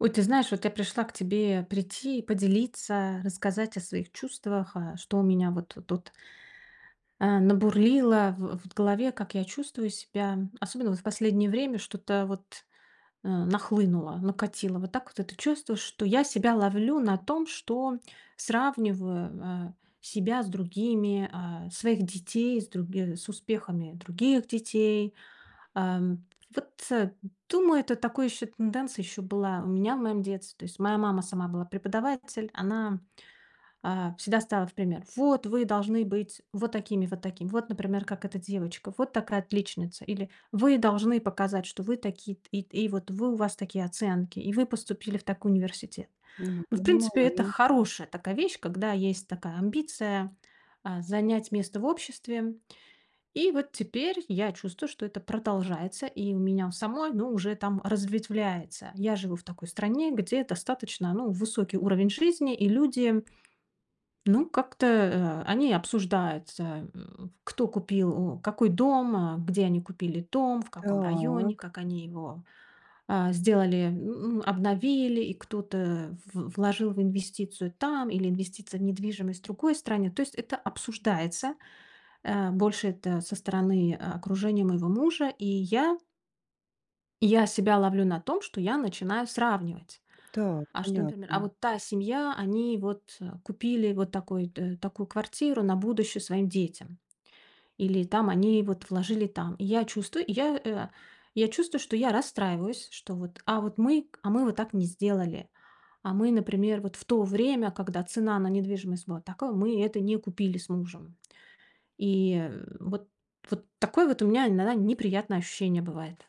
Ой, ты знаешь, вот я пришла к тебе прийти, поделиться, рассказать о своих чувствах, э, что у меня вот тут э, набурлило в в голове, как я чувствую себя, особенно вот в последнее время что-то вот, э, нахлынуло, накатило. Вот так вот это чувство, что я себя ловлю на том, что сравниваю, э, себя с другими, э, своих детей, с други с успехами других детей. Э, м, вот думаю, это такая ещё тенденция ещё была у меня в моём детстве. То есть моя мама сама была преподаватель, она, э, всегда ставила в пример: "Вот вы должны быть вот такими, вот такими. Вот, например, как эта девочка. Вот такая отличница". Или: "Вы должны показать, что вы такие т и т и вот вы, у вас такие оценки, и вы поступили в такой университет". Ну Но, в принципе, это понимаю. хорошая такая вещь, когда есть такая амбиция, э, занять место в обществе. И вот теперь я чувствую, что это продолжается и у меня у самой, ну, уже там разветвляется. Я живу в такой стране, где достаточно, ну, высокий уровень жизни, и люди ну, как-то, э, они обсуждаются: м, кто купил, м, какой дом, э, где они купили дом, в каком районе, Так. как они его, э, сделали, м, обновили, и кто-то в вложил в инвестицию там или инвестиции в недвижимость в другой стране. То есть это обсуждается. Э, больше это со стороны, э, окружения моего мужа. И я И я себя ловлю на том, что я начинаю сравнивать. Так, А что, например: а понятно. вот та семья, они вот купили вот такой-то такую квартиру на будущее своим детям. Или там они вот вложили там. И я чувствую, я, э, я чувствую, что я расстраиваюсь. Что вот, а вот мы, а мы вот так не сделали. А мы, например, вот в то время, когда цена на недвижимость была тако мы это не купили с мужем. И вот вот такое вот у меня иногда неприятное ощущение бывает.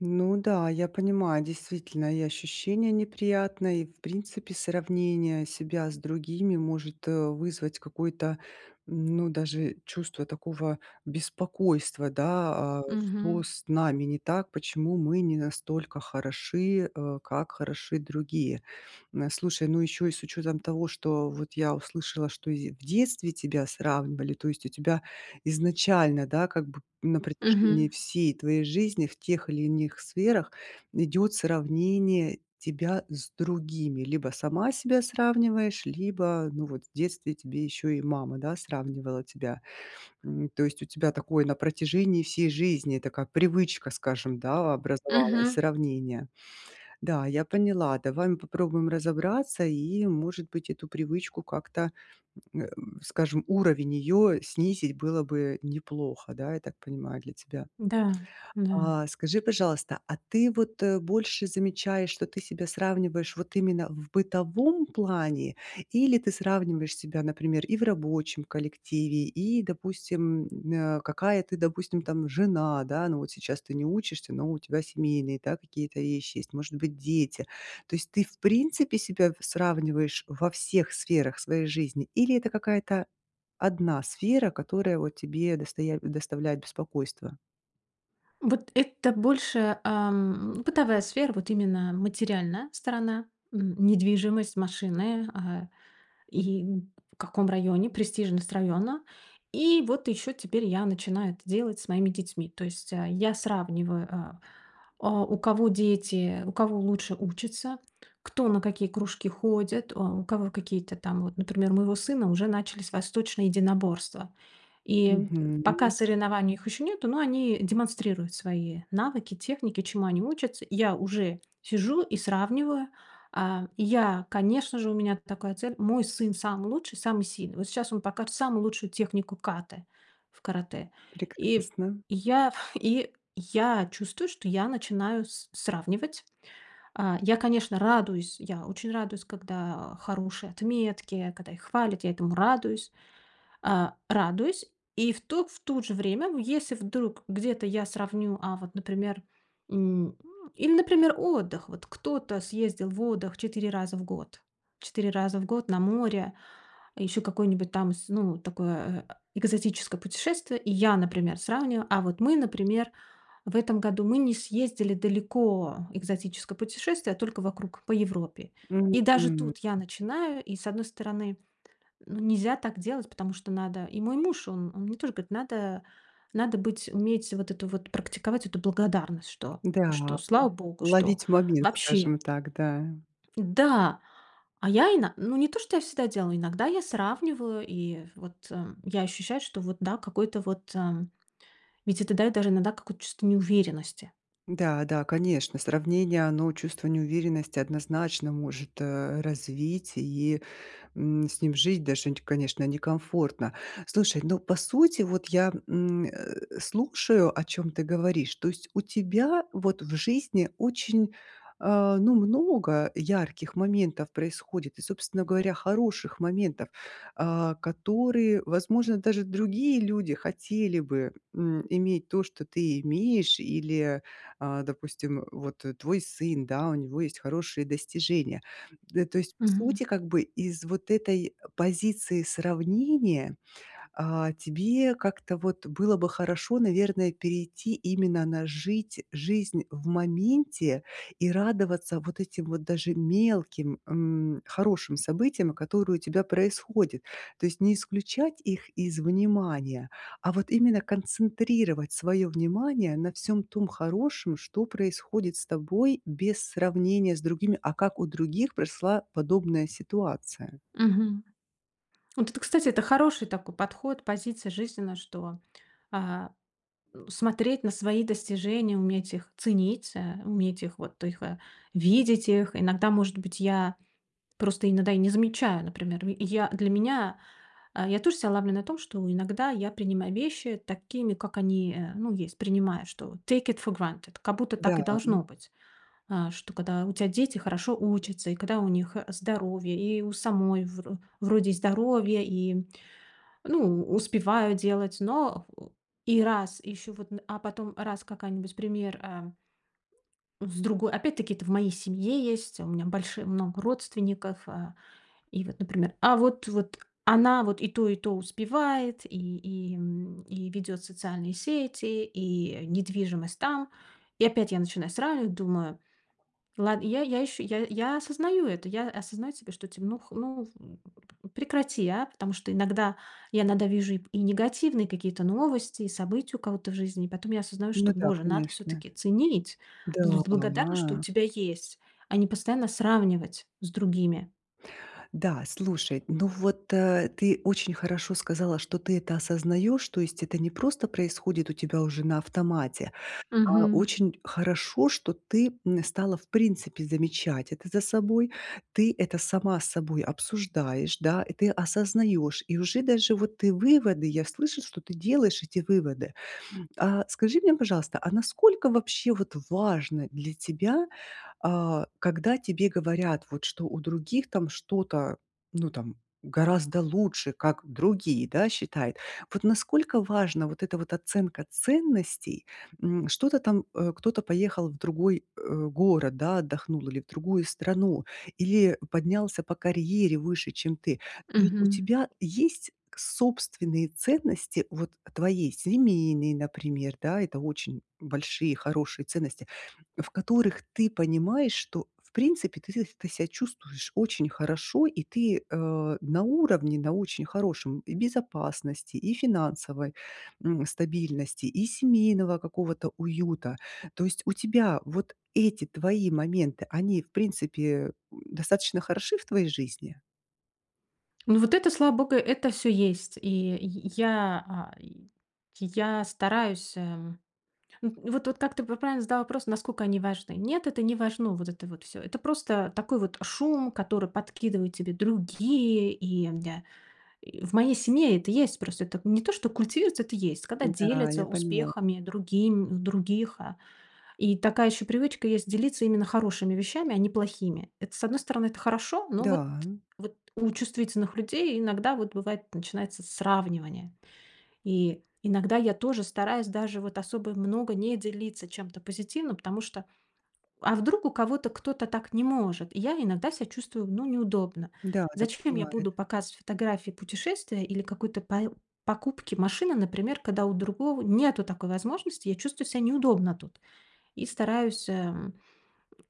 Ну да, я понимаю, действительно, и ощущение неприятное, и, в принципе, сравнение себя с другими может, э, вызвать какое-то, ну, даже чувство такого беспокойства. Да, э, что Мгм. с нами не так? Почему мы не настолько хороши, э, как хороши другие? М, слушай, ну ещё и с учётом того, что вот я услышала, что ись и в детстве тебя сравнивали. То есть у тебя изначально, да, как бы на протяжении Мгм. всей твоей жизни в тех или иных сферах идёт сравнение тебя с другими. Либо сама себя сравниваешь, либо, ну вот, в детстве тебе ещё и мама, да, сравнивала тебя. М, то есть у тебя такое на протяжении всей жизни, такая привычка, скажем, да, образовалась- Мгм. сравнение. Да, я поняла. Давай мы попробуем разобраться, и, может быть, эту привычку как-то, м, э, скажем, уровень её снизить было бы неплохо. Да, я так понимаю, для тебя. Да, да. А, скажи, пожалуйста, а ты вот, э, больше замечаешь, что ты себя сравниваешь вот именно в бытовом плане? Или ты сравниваешь себя, например, и в рабочем коллективе? И, допустим, э, какая ты, допустим, там жена, да. Но вот сейчас ты не учишься, но у тебя семейные, да, какие-то вещи есть, может быть, дети. То есть ты, в принципе, себя сравниваешь во всех сферах своей жизни? Или это какая-то одна сфера, которая вот тебе достая доставляет беспокойство? Вот это больше, эм, бытовая сфера, вот именно материальная сторона: м, недвижимость, машины, э, и н в каком районе, престижность района. И вот ещё теперь я начинаю это делать с моими детьми. То есть, э, я сравниваю, э, а, у кого дети, у кого лучше учатся, кто на какие кружки ходит, а, у кого какие-то там вот, например, у моего сына уже начались восточные единоборства. И, м, пока Мгм. соревнований у них ещё нету, но они демонстрируют свои навыки, техники, чему они учатся. Я уже сижу и сравниваю, э, и я, конечно же, у меня такая цель. Мой сын самый лучший, самый сильный. Вот сейчас он покажет самую лучшую технику ката в каратэ. И Прекрасно. я и я чувствую, что я начинаю с сравнивать. Э, я, конечно, радуюсь. Я очень радуюсь, когда, э, хорошие отметки, когда их хвалят, я этому радуюсь. Э, радуюсь. И в ту в то же время, ну, если вдруг где-то я сравню, а вот, например, м, или, например, отдых. Вот кто-то съездил в отдых 4 раза в год. 4 раза в год на море, ещё какое-нибудь там, с ну, такое э экзотическое путешествие. И я, например, сравниваю: а вот мы, например, в этом году, мы не съездили далеко, экзотическое путешествие, а только вокруг по Европе. И даже Мгм. тут я начинаю, и с одной стороны, ну, нельзя так делать, потому что надо И мой муж, он он мне тоже говорит: "Надо надо быть, уметь вот эту вот практиковать эту благодарность, что Да, что м, слава Богу, что ловить момент, вообще" скажем так, да. Да. А я ино ну, не то, что я всегда делаю, иногда я сравниваю, и вот, эм, я ощущаю, что вот да, какой-то вот, эм, ведь это даёт даже иногда какую-то чувство неуверенности. Да да, конечно, сравнение, оно чувство неуверенности однозначно может, э, развить и, м, с ним жить даже, н конечно, некомфортно. Слушай, но по сути вот я, м, э, слушаю, о чём ты говоришь. То есть у тебя вот в жизни очень, э, ну, много ярких моментов происходит и, собственно говоря, хороших моментов, э, которые, возможно, даже другие люди хотели бы, м, иметь то, что ты имеешь, или, э, допустим, вот твой сын, да, у него есть хорошие достижения. Э, то есть по Мгм. сути как бы из вот этой позиции сравнения, э, тебе как-то вот было бы хорошо, наверное, перейти именно на жить жизнь в моменте и радоваться вот этим вот даже мелким, м, хорошим событиям, которые у тебя происходят. То есть не исключать их из внимания, а вот именно концентрировать своё внимание на всём том хорошем, что происходит с тобой без сравнения с другими: "А как у других прошла подобная ситуация?" Мгм. Вот это, кстати, это хороший такой подход, позиция жизненная, что, а, н смотреть на свои достижения, уметь их ценить, э, уметь их, вот их, э, видеть их. Иногда, может быть, я просто иногда и не замечаю, например. Я для меня, а, я тоже, ся, ловлю на том, что иногда я принимаю вещи такими, как они, э, ну, есть. Принимаю, что take it for granted. Как будто Да, так и м. должно быть, э, что когда у тебя дети хорошо учатся, и когда у них, э, здоровье, и у самой, вр вроде и здоровье, и, ну, успеваю делать. Но и раз, и ещё вот, н а потом раз какая-нибудь пример, эм. С другой Опять-таки это в моей семье есть, у меня больши много родственников. Э, и вот, например, а вот вот она вот и то, и то успевает, и и, м, и ведёт социальные сети, и недвижимость там. И опять я начинаю сравнивать, думаю: "Лад". И я я еще я я осознаю это. Я осознаю себе, что, типа: "Ну х ну прекрати, а". Потому что иногда, я иногда вижу и п негативные какие-то новости, и события у кого-то в жизни. И потом я осознаю, что, Ну да, Боже, надо конечно. всё-таки ценить, быть благодарным, что у Да. тебя есть, а не постоянно сравнивать с другими. Да, слушай, ну вот, э, ты очень хорошо сказала, что ты это осознаешь, то есть это не просто происходит у тебя уже на автомате, а Мгм. очень хорошо, что ты, м, стала в принципе замечать это за собой. Ты это сама с собой обсуждаешь, да, и ты осознаешь, и уже даже вот ты выводы я слышу, что ты делаешь эти выводы. А, скажи мне, пожалуйста, а насколько вообще вот важно для тебя, а, когда тебе говорят, вот, что у других там что-то, ну там гораздо лучше, как другие, да, считают. Вот насколько важна вот эта вот оценка ценностей, м, что-то там, э, кто-то поехал в другой, э, город, да, отдохнул или в другую страну, или поднялся по карьере выше, чем ты. Но ведь у Мгм. тебя есть собственные ценности, вот, твоей семейной, например, да, это очень большие хорошие ценности, в которых ты понимаешь, что в принципе ты сеc ты себя чувствуешь очень хорошо, и ты, э, на уровне, на очень хорошем, и в безопасности, и финансовой, м, стабильности, и семейного какого-то уюта. То есть у тебя вот эти твои моменты, они в принципе, м, достаточно хороши в твоей жизни? Ну вот это, слава богу, это всё есть. И й я, ай, й я стараюсь, э н ну вот вот как ты правильно задала вопрос: "Насколько они важны?" Нет, это не важно. Вот это вот всё. Это просто такой вот шум, который подкидывает тебе другие, и м-да. В моей семье это есть. Просто это не то, что культивируется, это есть. Когда Да, делятся я поняла. успехами другим других, а. И такая ещё привычка есть- делиться именно хорошими вещами, а не плохими. Это, с одной стороны, это хорошо. Но вот Да. вот у чувствительных людей иногда вот бывает, начинается сравнивание. И иногда я тоже стараюсь даже вот особо много не делиться чем-то позитивным, потому что, а вдруг у кого-то кто-то так не может. И я иногда ся чувствую, ну, неудобно. Да, так Зачем я бывает. буду показывать фотографии путешествия или какой-то пое покупки машины, например, когда у другого нету такой возможности? Я чувствую ся неудобно тут и стараюсь, эм,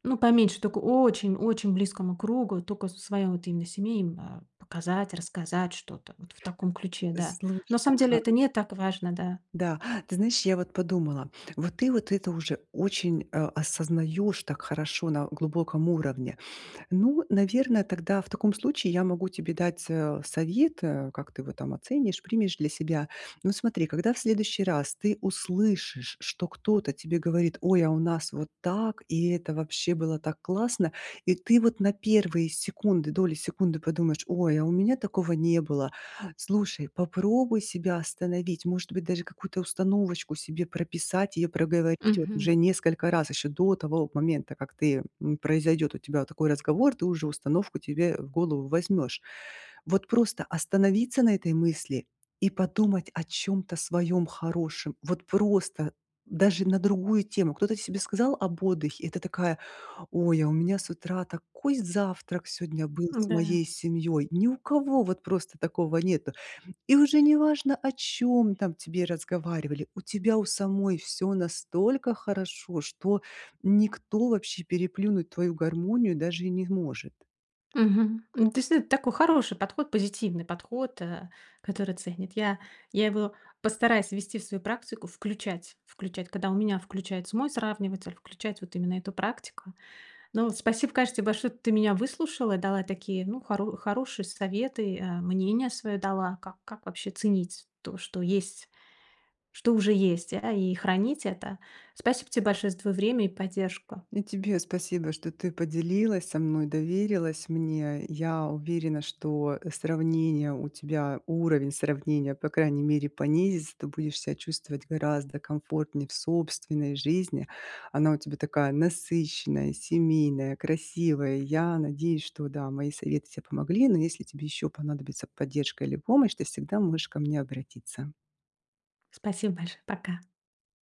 ну, поменьше, только очень-очень близкому кругу, тока своя вот именно, э, семей именно показать, рассказать. Что-то вот в таком ключе, да. На Слушай, самом деле это ага. не так важно, да. Да, ты знаешь, я вот подумала, вот ты вот это уже очень, э, осознаёшь так хорошо на глубоком уровне. Ну, наверно, тогда в таком случае я могу тебе дать, э, совет, э, как ты его там оценишь, примешь для себя. Ну смотри, когда в следующий раз ты услышишь, что кто-то тебе говорит: "Ой, а у нас вот так, и это вообще было так классно", и ты вот на 1 секунды, доли секунды подумаешь: "Ой, а у меня такого не было". Слушай, попробуй себя остановить, может быть, даже какую-то установочку себе прописать, её проговорить вот Мгм. уже несколько раз. Ещё до того момента, как ты м, произойдёт у тебя такой разговор, ты уже установку тебе в голову возьмёшь. Вот просто остановиться на этой мысли и подумать о чём-то своём хорошем. Вот просто даже на другую тему. Кто-то себе сказал об отдыхе, и ты такая: "Ой, а у меня с утра такой завтрак сегодня был с моей М-да. семьёй". Ни у кого вот просто такого нету. И уже неважно, о чём там тебе разговаривали. У тебя у самой всё настолько хорошо, что никто вообще переплюнуть твою гармонию даже и не может. Мгм. Н действительно, это такой хороший подход, позитивный подход, э, который ценит. Я я его постараюсь ввести в свою практику, включать включать, когда у меня включается мой сравниватель, включать вот именно эту практику. Ну, вот спасибо, конечно, те большое, ты меня выслушала, дала такие, ну, хоро хорошие советы, э, мнение своё дала, как как вообще ценить то, что есть что уже есть, а, и хранить это. Спасибо те большое за твоё время и поддержку. И тебе спасибо, что ты поделилась со мной, доверилась мне. Я уверена, что сравнения у тебя, уровень сравнения, по крайней мере, понизится. Ты будешь ся чувствовать гораздо комфортнее в собственной жизни. Она у тебя такая насыщенная, семейная, красивая. Я надеюсь, что да, мои советы тебе помогли. Но если тебе ещё понадобится поддержка или помощь, ты всегда можешь ко мне обратиться. Спасибо большое. Пока.